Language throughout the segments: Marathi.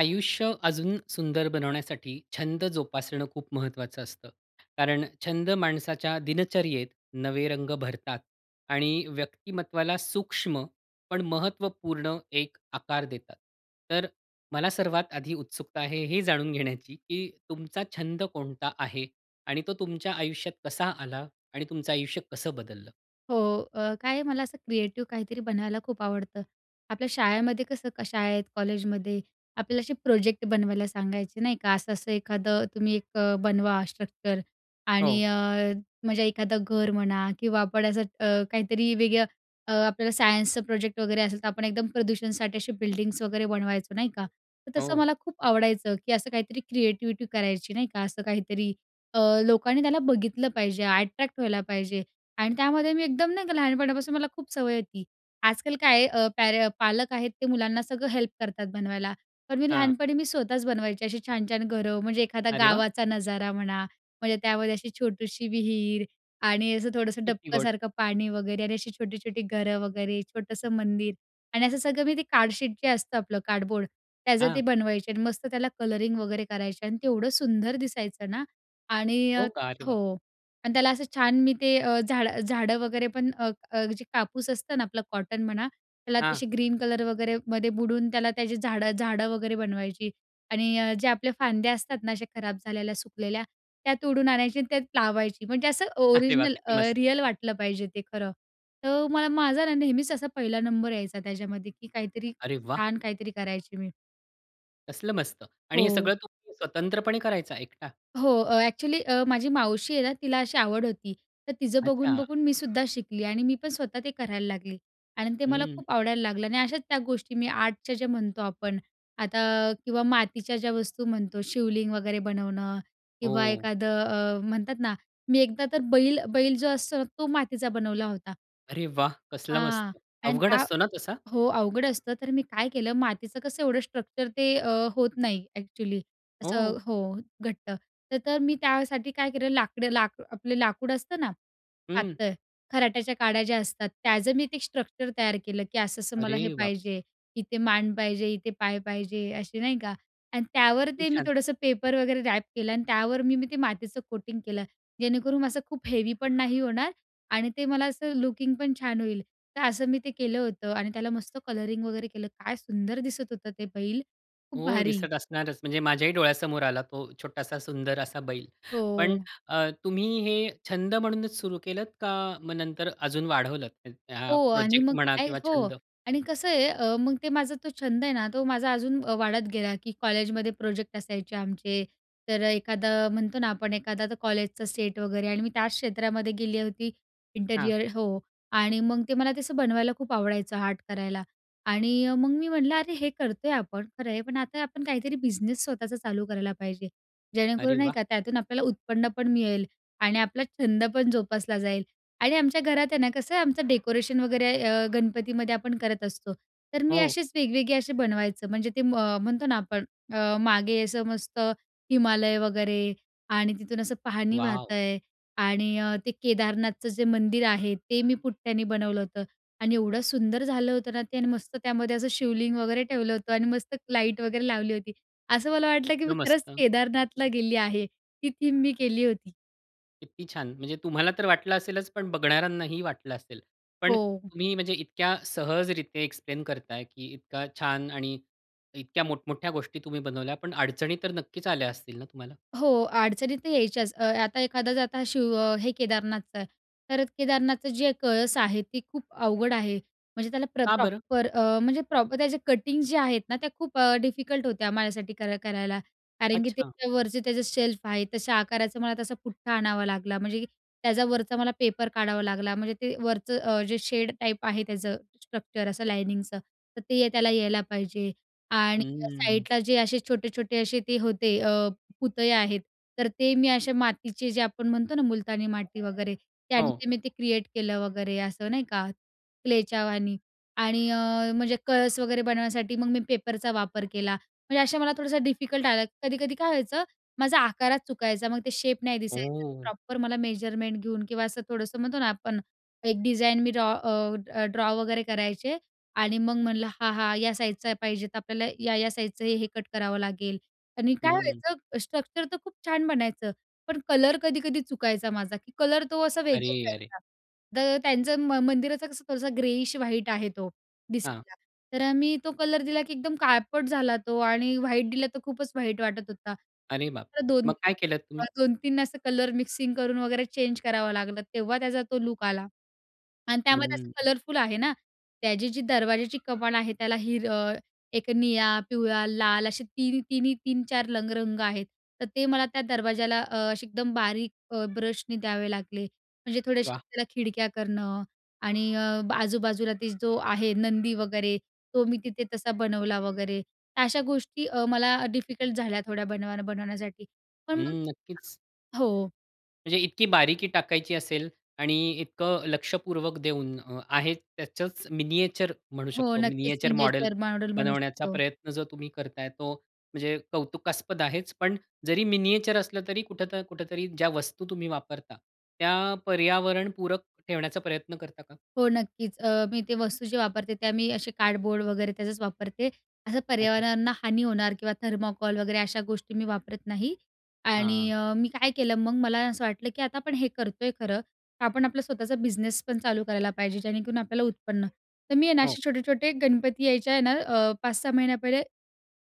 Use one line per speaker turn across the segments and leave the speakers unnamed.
आयुष्य अजून सुंदर बनवण्यासाठी छंद जोपासणं खूप महत्त्वाचं असतं. कारण छंद माणसाच्या दिनचर्यत नवे रंग भरतात आणि व्यक्तिमत्त्वाला सूक्ष्म, पण महत्त्वपूर्ण एक आकार देतात. तर मला सर्वात आधी उत्सुकता आहे हे जाणून घेण्याची, की तुमचा छंद कोणता आहे? आणि तो तुमच्या आयुष्यात कसा आला आणि तुमचं आयुष्य कसं बदललं?
हो. अ, काय मला असं क्रिएटिव्ह काहीतरी बनवायला खूप आवडतं. आपल्या शाळेमध्ये कसं क शाळेत, कॉलेजमध्ये आपल्याला असे प्रोजेक्ट बनवायला सांगायचे, नाही का. असं-असं एखादं तुम्ही एक अ, बनवा स्ट्रक्चर
हो.
आणि अ, म्हणजे एखादं घर म्हणा किंवा आपण असं अ, काहीतरी वेगळं अ, आपल्याला सायन्सचा प्रोजेक्ट वगैरे असेल, तर आपण एकदम प्रदूषणसाठी अशी बिल्डिंग्स वगैरे बनवायचो, नाही का? तर तसं
हो.
मला खूप आवडायचं, की असं काहीतरी क्रिएटिव्हिटी करायची, नाही का? असं काहीतरी. अ, लोकांनी त्याला बघितलं पाहिजे, अट्रॅक्ट व्हायला पाहिजे. आणि त्यामध्ये मी एकदम नाही का, लहानपणापासून मला खूप सवय होती. आजकाल काय आहे अ, पॅरे अ, पालक आहेत ते मुलांना सगळं हेल्प करतात बनवायला, पण मी
हां.
लहानपणी मी स्वतःच बनवायची अशी छान-छान घरं, म्हणजे एखादा
अरे वाह!
गावाचा नजारा म्हणा, म्हणजे त्यामध्ये अशी छोटीशी विहीर आणि असं थोडंसं
किती गोड!
डबकासारखं पाणी वगैरे आणि अशी छोटी-छोटी घरं वगैरे, छोटंसं मंदिर आणि असं सगळं मी ते कार्डशीट जे असतं आपलं, कार्डबोर्ड, त्याचं ते
हां.
बनवायचे. आणि मस्त त्याला कलरिंग वगैरे करायचे आणि ते एवढं सुंदर दिसायचं ना आणि
हो
अ,
का? अरे वाह!
हो. आणि त्याला असं छान मी ते अ, झाडं, झाडं वगैरे पण अ, अ, जे कापूस असतं ना, आपलं कॉटन म्हणा, त्याला
हां.
तशी ग्रीन कलर वगैरेमध्ये बुडून त्याला त्याची झाडं-झाडं वगैरे बनवायची. आणि अ, जे आपल्या फांद्या असतात ना, असे खराब झालेल्या, सुकलेल्या, त्या तोडून आणायची, त्यात लावायची. म्हणजे असं
अरे वाह!
ओरिजिनल
किती
अ,
मस्त!
रिअल वाटलं पाहिजे ते खरं. तर मला माझा ना, नेहमीच असा 1ला नंबर यायचा त्याच्यामध्ये, की काहीतरी
अरे वा!
छान काहीतरी करायची मी.
कसलं मस्त! आणि हे
हो.
सगळं तुम्ही स्वतंत्रपणे करायचा? एकटा?
हो, अ, ॲक्चुअली अ, माझी मावशी आहे ना तिला अशी आवड होती. तर तिचं
अच्छा!
बघून-बघून मी सुद्धा शिकली आणि मी पण स्वतः ते करायला लागली आणि ते मला
हं.
खूप आवडायला लागलं आणि अशाच त्या गोष्टी मी आर्टच्या ज्या म्हणतो आपण, आता किंवा मातीच्या ज्या वस्तू म्हणतो. शिवलिंग वगैरे बनवणं किंवा
हो.
एखादं अ, म्हणतात ना, मी एकदा तर बैल, बैल जो असतो ना तो मातीचा बनवला होता.
अरे वाह! कसलं मस्त!
हां आणि
अवघड
त्या
असतो ना तसा?
हो, अवघड असतं तर मी काय केलं? मातीचं कसं एवढं स्ट्रक्चर ते अ, होत नाही ॲक्चुअली असं
हो.
हो घट्ट, तर तर मी त्यासाठी काय केलं लाकडं लाक आपलं लाकूड असतं ना?
हं.
पातळ, खराट्याच्या काड्या ज्या असतात, त्याचं मी ते स्ट्रक्चर तयार केलं की असं-असं मला
अरे
हे
बाप!
पाहिजे. इथे मान पाहिजे, इथे पाय पाहिजे, असे नाही का? आणि त्यावर
किती
ते मी
छान!
थोडंसं पेपर वगैरे रॅप केलं आणि त्यावर मी, मी ते मातीचं कोटिंग केलं जेणेकरून असं खूप हेवी पण नाही होणार आणि ते मला असं लुकिंग पण छान होईल. तर असं मी ते केलं होतं आणि त्याला मस्त कलरिंग वगैरे केलं. काय सुंदर दिसत होतं ते बैल! खूप
हो,
भारी!
दिसत असणारच, म्हणजे माझ्याही डोळ्यासमोर आला तो छोटासा सुंदर असा बैल. पण
हो.
अ, तुम्ही हे छंद म्हणूनच सुरु केलंत का मग नंतर अजून वाढवलंत? म्हणजे हा
हो आणि
प्रोजेक्ट
मग
म्हणा
काय
किंवा
हो
छंद?
आणि कसं आहे? अ, मग ते माझा तो छंद आहे ना? तो माझा अजून अ, वाढत गेला की कॉलेजमध्ये प्रोजेक्ट असायचे आमचे, तर अ, एखादा म्हणतो ना आपण, एखादा आता कॉलेजचा सेट वगैरे आणि मी त्याच क्षेत्रामध्ये गेली होती,
हां.
इंटरिअर हो आणि मग ते मला ते असं बनवायला खूप आवडायचं, आर्ट करायला आणि अ, मग मी म्हटलं, "अरे! हे करतोय आपण, खरं आहे, पण आता आपण काहीतरी बिझनेस स्वतःचा चालू करायला पाहिजे,
अरे
जेणेकरून, नाही
वाह!
का, त्यातून आपल्याला उत्पन्न पण मिळेल आणि आपला छंद पण जोपासला जाईल." आणि आमच्या घरात, आहे ना, कसं आहे आमचं डेकोरेशन वगैरे अ, गणपतीमध्ये आपण करत असतो. तर मी
हो.
असेच वेगवेगळे असे बनवायचं म्हणजे ते म म्हणतो ना आपण अ, मागे असं मस्त हिमालय वगैरे आणि तिथून असं पाणी वाहत
वाव!
आहे आणि अ, ते केदारनाथचं जे मंदिर आहे ते मी पुट्ट्याने बनवलं होतं आणि एवढं सुंदर झालं होतं ना ते आणि मस्त त्यामध्ये असं शिवलिंग वगैरे ठेवलं होतं आणि मस्त लाईट वगैरे लावली होती. असं मला वाटलं की मी
कसलं
खरंच
मस्त!
केदारनाथला गेली आहे. ती थीम मी केली होती.
किती छान! म्हणजे तुम्हाला तर वाटलं असेलच, पण बघणाऱ्यांना ही वाटलं असेल. पण
हो.
तुम्ही, म्हणजे इतक्या सहजरीत्या एक्सप्लेन करताय की इतका छान आणि इतक्या मोठमोठ्या गोष्टी तुम्ही बनवल्या, पण अडचणी तर नक्कीच आल्या असतील ना तुम्हाला?
हो, अडचणी तर यायच्याच. अ, आता एखादं शिव हे केदारनाथचं आहे, तर केदारनाथचा जे कळस आहे, तो खूप अवघड आहे, म्हणजे त्याला प्र
का बरं?
प्रॉपर अ, प्रॉपर त्याचे कटिंग जे आहेत ना, त्या खूप अ, डिफिकल्ट होत्या माझ्यासाठी करा करायला. कारण की
अच्छा.
त्याच्यावरचे जे शेल्फ आहेत, तशा आकाराचा मला तसा पुठ्ठा आणावा लागला, म्हणजे त्याच्यावरचा मला पेपर काढावा लागला, म्हणजे ते वरचं अ, जे शेड टाईप आहे त्याचं स्ट्रक्चर असं लायनिंगचं तर ते त्याला यायला पाहिजे आणि
हं.
साईडला जे असे छोटे-छोटे असे ते होते अ, पुतळे आहेत, तर ते मी अशा मातीचे, जे आपण म्हणतो ना, मुलतानी माती वगैरे, त्याने
हो.
ते मी क्रिएट केलं, वगैरे असं नाही का? क्लेच्या वाणी आणि अ, म्हणजे कळस वगैरे बनवण्यासाठी मग मी पेपरचा वापर केला, म्हणजे असं मला थोडासं डिफिकल्ट आला. कधी-कधी काय व्हायचं, माझा आकारात चुकायचं, मग तो शेप नाही दिसायचा
ओह.
प्रॉपर. मला मेजरमेंट घेऊन किंवा असं थोडंसं म्हणतो ना, आपण एक डिझाईन मी ड्रॉ अ, ड्रॉ वगैरे करायचे आणि मग म्हणलं, हा-हा, या साईजचा पाहिजे, तर आपल्याला या-या साईजचं हे कट करावं लागेल आणि काय
हं.
व्हायचं, स्ट्रक्चर तर खूप छान बनायचं, पण कलर कधी-कधी चुकायचा माझा की कलर तो असा वेगळाच
अरे! अरे!
दिसायचा. तर त्यांच्या म मंदिराचा कसा थोडासा ग्रेइश व्हाईट आहे तो,
हां.
दिसायला. तर मी तो कलर दिला की एकदम काळपट झाला तो आणि व्हाईट दिला तर खूपच व्हाईट वाटत होता.
अरे
तर [unintelligible]
बापरे!
दोन
मग
तीन
काय केलत तुम्ही?
वेळा 2-3 असं कलर मिक्सिंग करून वगैरे चेंज करावं लागलं, तेव्हा त्याचा तो लुक आला आणि त्यामध्ये असं
हं.
कलरफुल आहे ना, त्याची जी दरवाजाची कमान आहे त्याला हिर एक निळा, पिवळा, लाल असे तिनी-तिनी 3-4 लंग रंग आहेत. तर ते मला त्या दरवाजाला अ, असे एकदम बारीक अ, ब्रशने द्यावे लागले, म्हणजे थोड्याशा
वाह!
त्याला खिडक्या करणं आणि अ, ब आजूबाजूला जो आहे, नंदी वगैरे, तो मी तिथे तसा बनवला वगैरे. अशा गोष्टी अ, मला डिफिकल्ट झाल्या, थोड्या बनवाय बनवण्यासाठी. पण मग
हं,
[unintelligible]
नक्कीच.
हो.
म्हणजे इतकी बारीकी टाकायची असेल आणि इतकं लक्षपूर्वक देऊन अ, आहे त्याचंच मिनिएचर म्हणू
हो.
शकतो.
नक्कीच.
मिनिएचर मॉडेल
मिनिएचर मॉडेल बनू
बनवण्याचा
शकतो.
प्रयत्न जर तुम्ही करत आहे. तो म्हणजे कौतुकास्पद आहेच, पण जरी मिनिएचर असलं तरी कुठं ना कुठेतरी ज्या वस्तू तुम्ही वापरता, त्या पर्यावरण पूरक ठेवण्याचा प्रयत्न करता का?
हो. नक्कीच. अ, मी ते वस्तू जे वापरते, त्या मी असे कार्डबोर्ड वगैरे त्याजच वापरते. असं
अच्छा.
पर्यावरणाला हानी होणार किंवा थर्माकॉल वगैरे अशा गोष्टी मी वापरत नाही. आणि
हां.
अ, मी काय केलं मग, मला असं वाटलं, की आता आपण हे करतोय खरं. तर आपण आपला स्वतःचा बिझनेस पण चालू करायला पाहिजे जेणेकरून आपल्याला उत्पन्न तर मी आहे ना,
हो.
असे छोटे-छोटे गणपती यायच्या आहे ना अ, 5-6 महिन्या पहिले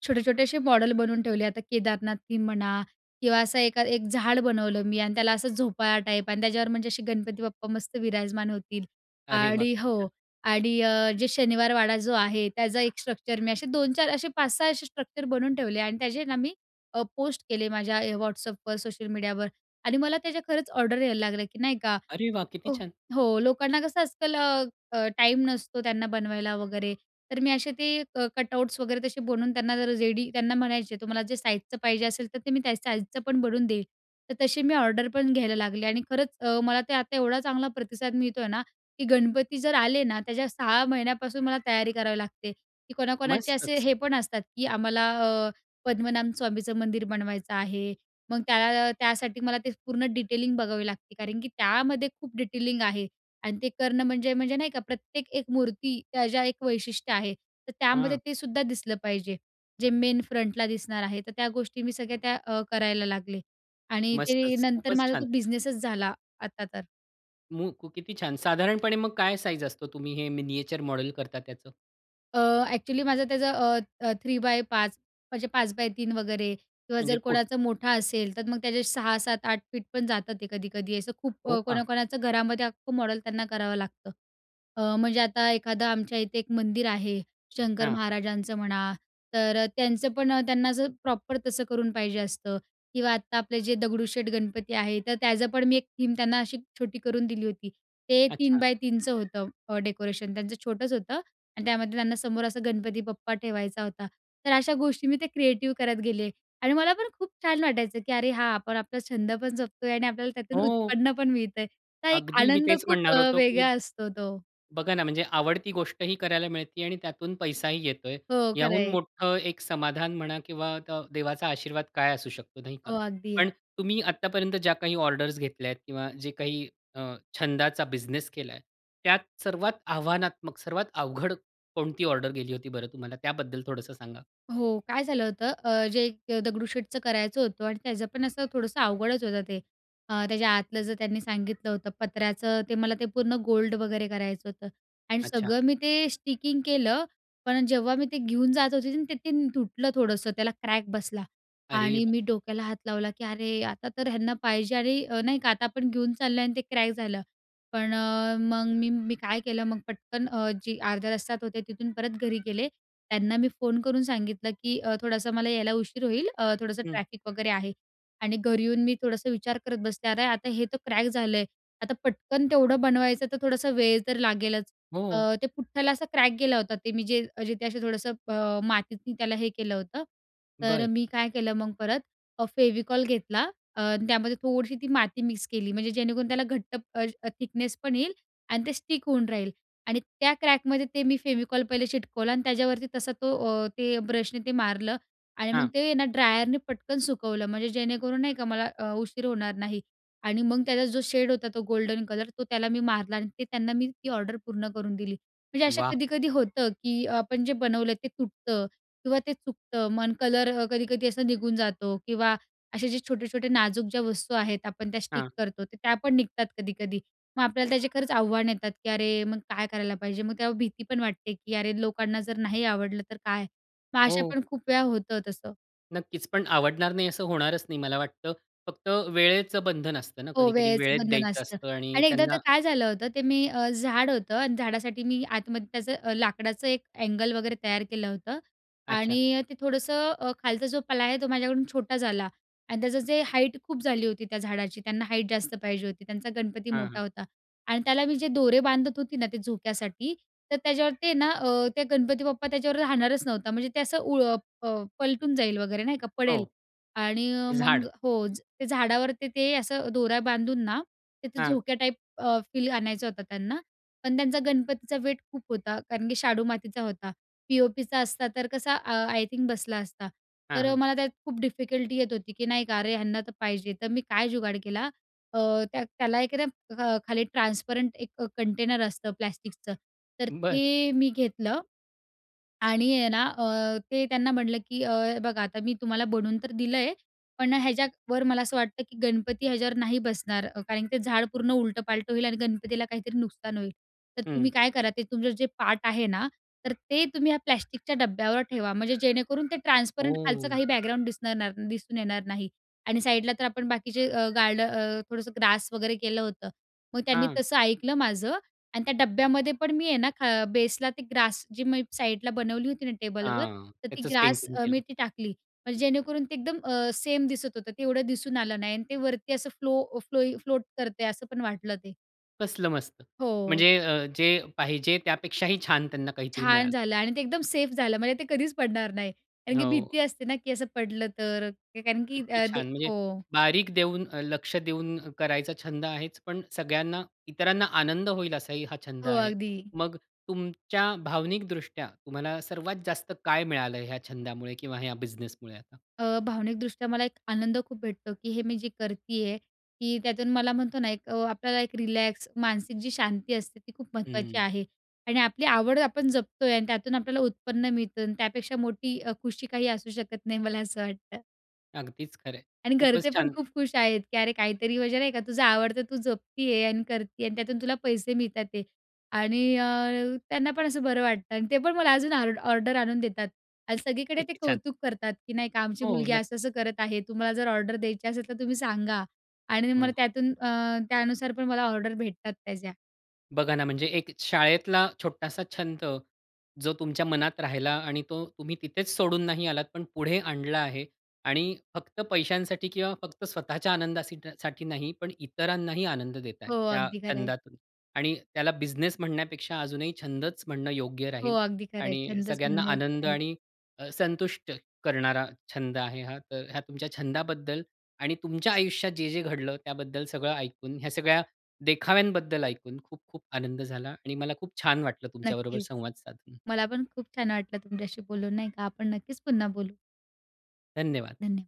छोटे छोटेसे मॉडल बनवून ठेवले. आता केदारनाथ थीम म्हणा किंवा असं एका एक झाड बनवलं मी आणि त्याला असं झोपाळा टाईप आणि त्याच्यावर म्हणजे असे गणपती बाप्पा मस्त विराजमान होतील.
अरे वाह!
आणि
खूप
हो.
छान.
आणि अ, जे शनिवार वाडा जो आहे त्याचा एक स्ट्रक्चर मी असे 2-4 असे 5-6 असे स्ट्रक्चर बनवून ठेवले. आणि त्याचे ना मी अ, पोस्ट केले माझ्या अ, WhatsAppवर सोशल मीडियावर आणि मला त्या खरंच ऑर्डर यायला लागले, की नाही का?
अरे वाह! किती
हो,
छान.
हो. लोकांना कसं आजकाल अ, टाईम नसतो त्यांना बनवायला वगैरे. तर मी असे ते कटआउट्स वगैरे तसे बनवून त्यांना जर रेडी त्यांना म्हणायचे तुम्हाला जे साइजचं पाहिजे असेल, तर ते मी त्या साइजचं पण बनवून देईन. तर तशी मी ऑर्डर पण घ्यायला लागले आणि खरंच अ, मला ते आता एवढा चांगला प्रतिसाद मिळतो आहे ना, की गणपती जर आले ना, त्याच्या 6 महिन्यापासून मला तयारी करावी लागते, की कोणाकोणाचे असे
मस्तच.
हे पण असतात, की आम्हाला अ, पद्मनाभ स्वामीचं मंदिर बनवायचं आहे. मग त्याला अ, त्यासाठी मला ते पूर्ण डिटेलिंग बघावी लागते. कारण की त्यामध्ये खूप डिटेलिंग आहे आणि ते करणं म्हणजे म्हणजे नाही का? प्रत्येक एक मूर्ती त्या ज्या एक वैशिष्ट्य आहे. तर
हां.
त्यामध्ये तेसुद्धा दिसलं पाहिजे जे मेन फ्रंटला दिसणार आहे. तर त्या गोष्टी मी सगळ्या त्या अ, करायला लागले. आणि ते
मस्तच.
नंतर
खूपच
माझा
छान.
तो बिझनेसच झाला आता तर.
[unintelligible] किती छान. साधारणपणे मग काय साईझ असतो तुम्ही हे मिनिएचर मॉडेल करता त्याचं?
अ, ऍक्च्युली माझं त्याचं अ, अ, 3 बाय 5 म्हणजे 5 x 3 वगैरे किंवा
म्हणजे
जर
फूट?
कोणाचं मोठं असेल तर मग त्याचे 6, 7, 8 फीट पण जातं ते कधी-कधी. असं खूप
हो
अ,
का?
कोणा-कोणाचं घरामध्ये अख्खं मॉडेल त्यांना करावं लागतं. अ, म्हणजे आता एखादं आमच्या इथे एक मंदिर आहे. शंकर
हां.
महाराजांचं म्हणा तर त्यांचं पण अ, त्यांना असं प्रॉपर तसं करून पाहिजे असतं किंवा आत्ता आपले जे दगडूशेठ गणपती आहेत. तर त्याचं पण मी एक थीम त्यांना अशी छोटी करून दिली होती. ते तीन
अच्छा.
बाय तीनचं होतं अ, डेकोरेशन त्यांचं, छोटंच होतं आणि त्यामध्ये त्यांना समोर असं गणपती बाप्पा ठेवायचा होता. तर अशा गोष्टी मी त्या क्रिएटिव्ह करत गेले आणि मला पण खूप छान वाटायचं की अरे हा, आपण आपला छंद पण जपतोय आणि आपल्याला त्यातून
हो.
उत्पन्न पण मिळतंय. तर एक
अगदी मी
आनंद
तेच
खूप
म्हणणार
अ,
होतो की
वेगळा असतो तो.
बघा ना, म्हणजे आवडती गोष्टही करायला मिळते आणि त्यातून पैसाही येतोय,
हो, खरं
याहून
आहे.
मोठं एक समाधान म्हणा किंवा अ, द देवाचा आशीर्वाद काय असू शकतो, नाही का?
हो, अगदी.
पण तुम्ही आत्तापर्यंत ज्या काही ऑर्डर्स घेतल्यात किंवा जे काही अ, छंदाचा बिझनेस केलाय त्यात सर्वात आव्हानात्मक, सर्वात अवघड कोणती ऑर्डर गेली होती बरं तुम्हाला? त्याबद्दल थोडंसं सांगा?
हो, काय झालं होतं, अ, जे एक दगडूशेठचं करायचं होतं आणि त्याचं पण असं थोडंसं अवघडच होतं ते. अ, त्याच्या आतलं जर त्यांनी सांगितलं होतं पत्र्याचं, ते मला ते पूर्ण गोल्ड वगैरे करायचं होतं आणि
अच्छा.
सगळं मी ते स्टिकिंग केलं. पण जेव्हा मी ते घेऊन जात होते आणि ते तीन तुटलं. थोडंसं त्याला क्रॅक बसला
अरे
आणि
बाप!
मी डोक्याला हात लावला की अरे, आता तर यांना पाहिजे आणि अ, नाही का, आता आपण घेऊन चाललोय आणि ते क्रॅक झालं. पण अ, मग मी मी काय केलं, मग पटकन जे अर्ध्या रस्त्यात होते तिथून परत घरी गेले. त्यांना मी फोन करून सांगितलं की अ, थोडासा मला यायला उशीर होईल, अ, थोडंसं
हं.
ट्रॅफिक वगैरे आहे आणि घरी येऊन मी थोडंसं विचार करत बसले, अरे आता हे तर क्रॅक झालं आहे, आता पटकन तेवढं बनवायचं तर थोडासा वेळ तर लागेलच. अ,
हो.
तो पुठ्ठाला असा क्रॅक गेला होता, ते मी जे मी जिथे असं थोडंसं, अ, मातीत मी त्याला हे केलं होतं. तर
बरं.
मी काय केलं, मग परत अ, फेविकॉल घेतला, अ, त्यामध्ये थोडीशी ती माती मिक्स केली, म्हणजे जेणेकरून त्याला घट्ट अ, अ, थिकनेसपण येईल आणि ते स्टिक होऊन राहील आणि त्या क्रॅकमध्ये ते मी फेविकॉल पहिले चिटकवलं आणि त्याच्यावरती तसा तो अ, ते ब्रशने मारलं आणि मग
हां.
ते ना ड्रायरने पटकन सुकवलं, म्हणजे जेणेकरून नाही का मला अ, उशीर होणार नाही आणि मग त्याचा जो शेड होता, तो गोल्डन कलर तो त्याला मी मारला आणि ते त्यांना मी ती ऑर्डर पूर्ण करून दिली. म्हणजे असं
वाह!
कधी-कधी होतं की अ, आपण जे बनवलं ते तुटतं किंवा ते चुकतं. मग कलर कधी-कधी असा निघून जातो किंवा असे जे छोटे-छोटे नाजूक ज्या वस्तू आहेत आपण त्या स्टिक
हां.
करतो, तर त्या पण निघतात कधी-कधी. मग आपल्याला त्याचे खरंच आव्हान येतात की अरे, मग काय करायला पाहिजे? मग ती भीती पण वाटते, की अरे, लोकांना जर नाही आवडलं तर काय? मग असं
हो.
पण खूप वेळा होतं तसं.
नक्कीच, पण आवडणार नाही असं होणारच नाही मला वाटतं, फक्त वेळेचं बंधन असतं ना,
हो,
कधी-कधी
वेळेचं
वेळेत
बंधन
द्यायचं
असतं
असतं आणि
आणि एकदा
त्यांना
तर काय झालं होतं, ते मी अ, झाड होतं आणि झाडासाठी मी आतमध्ये त्याचं लाकडाचं एक अँगल वगैरे तयार केलं होतं
अच्छा.
आणि ते थोडंसं अ, खालचा जो प्लाय आहे तो माझ्याकडून छोटा झाला आणि त्याचं जे हाईट खूप झाली होती त्या झाडाची, त्यांना हाईट जास्त पाहिजे होती, त्यांचा गणपती
हां, हां.
मोठा होता. आणि त्याला मी जे दोरे बांधत होते ना ते झोक्यासाठी तर त्याच्यावर ते ना अ, ते गणपती बाप्पा त्याच्यावर राहणारच नव्हता, म्हणजे ते असं उ अ, पलटून जाईल वगैरे नाही का पडेल.
हो.
आणि
झाड,
मग हो, ते झाडावर ते असं दोऱ्या बांधून ना तिथे
हां.
झोक्या टाईप अ, फील आणायचा होता त्यांना, पण त्यांच्या गणपतीचा वेट खूप होता कारण की शाडू मातीचा होता. पी.ओ.पीचा असता तर कसा अ, आय थिंक बसला असता.
हां,
तर
हां.
मला त्यात खूप डिफिकल्टी येत होती की नाही का, अरे यांना तर पाहिजे. तर मी काय जुगाड केला, अ, त्या त्याला एखादं अ, खाली ट्रान्सपरंट एक कंटेनर असतं प्लास्टिकचं तर
बरं.
ते मी घेतलं आणि आहे ना, ते त्यांना म्हणलं की "अ, बघा, आता मी तुम्हाला बनवून तर दिलंय पण ह्याच्यावर मला असं वाटतं की गणपती याच्यावर नाही बसणार, कारण की ते झाड पूर्ण उलटंपालटं होईल आणि गणपतीला काहीतरी नुकसान होईल. तर
हं.
तुम्ही काय करा, ते तुमचा जो पाट आहे ना, तर ते तुम्ही या प्लास्टिकच्या डब्यावर ठेवा, म्हणजे जेणेकरून ते ट्रान्सपरंट, खालचं
हो.
काही बॅकग्राउंड दिसणार दिसून येणार नाही." आणि साईडला तर आपण बाकीचं अ, गार्ड अ, थोडंसं अ, ग्रास वगैरे केलं होतं. मग त्यांनी
हां.
तसं ऐकलं माझं आणि त्या डब्यामध्ये पण मी आहे ना बेसला ते ग्रास जी मी साईडला बनवली होती ना टेबलवर
हां,
तर ती
त्याचंच
ग्रास
पेंटिंग
अ, मी
केलं.
तिथे टाकली. म्हणजे जेणेकरून ते अ, एकदम सेम दिसत होतं, ते एवढं दिसून आलं नाही आणि ते वरती असं फ्लो फ्लोई फ्लोट करतंय असं पण वाटलं ते.
कसलं मस्त!
हो.
म्हणजे अ, जे पाहिजे त्यापेक्षाही छान त्यांना काहीतरी
छान
मिळालं.
झालं आणि ते एकदम सेफ झालं, म्हणजे ते कधीच पडणार नाही, कारण की
हो.
भीती असते ना की असं पडलं तर? अ, कारण की
किती
अ, ते
छान! म्हणजे
हो.
बारीक देऊन अ, लक्ष देऊन करायचा छंद आहेच, पण सगळ्यांना इतरांना आनंद होईल असाही हा छंद
हो,
आहे.
अगदी.
मग तुमच्या भावनिकदृष्ट्या तुम्हाला सर्वात जास्त काय मिळालं? ह्या छंदामुळे किंवा ह्या बिझनेसमुळे आता?
अ, भावनिकदृष्ट्या मला एक आनंद खूप भेटतो, की हे मी जे करतीये की त्यातून मला म्हणतो ना, एक अ, आपल्याला एक रिलॅक्स, मानसिक जी शांती असते ती खूप महत्त्वाची
हम्म.
आहे आणि आपली आवड आपण जपतोय आणि त्यातून आपल्याला उत्पन्न मिळतं अन् त्यापेक्षा मोठी अ, खुशी काही असू शकत नाही मला असं वाटतं.
अगदीच खरं आहे.
आणि घरचे
खूपच
पण
छान.
खूप खुश आहेत की अरे, काहीतरी म्हणजे नाही का, तुझं आवड तर तू जपते आहे आणि करती आहे आणि त्यातून तुला पैसे मिळत आहेत. आणि अ, त्यांना पण असं बरं वाटतं अन् ते पण मला अजून ऑर्ड ऑर्डर आणून देतात. अन् सगळीकडे ते
किती छान!
कौतुक करतात की नाही का, "आमची
हो
मुलगी
नक्क
असं-असं करत आहे, तुम्हाला जर ऑर्डर द्यायची असेल तर तुम्ही सांगा." आणि मला
हं.
त्यातून अ, त्यानुसार पण मला ऑर्डर भेटतात त्याच्या.
बघा ना, म्हणजे एक शाळेतला छोटासा छंद जो तुमच्या मनात राहिला आणि तो तुम्ही तिथेच सोडून नाही आलात, पण पुढे आणला आहे. आणि फक्त पैशांसाठी किंवा फक्त स्वतःच्या आनंदासीठा साठी नाही, पण इतरांनाही आनंद देताय
हो,
त्या
अगदी खरं आहे.
छंदातून. आणि त्याला बिझनेस म्हणण्यापेक्षा अजूनही छंदच म्हणणं योग्य
हो,
राहील.
अगदी खरंय.
आणि
छंदच
सगळ्यांना
म्हणणं योग्य
आनंद
राहील.
आणि अ, संतुष्ट करणारा छंद आहे हा. तर ह्या तुमच्या छंदाबद्दल आणि तुमच्या आयुष्यात जे-जे घडलं त्याबद्दल सगळं ऐकून, ह्या सगळ्या देखाव्यांबद्दल ऐकून खूप, खूप आनंद झाला आणि मला खूप छान वाटलं तुमच्याबरोबर
नक्कीच.
संवाद साधून.
मला पण खूप छान वाटलं तुमच्याशी बोलून नाही का, आपण नक्कीच पुन्हा बोलू.
धन्यवाद!
धन्यवाद!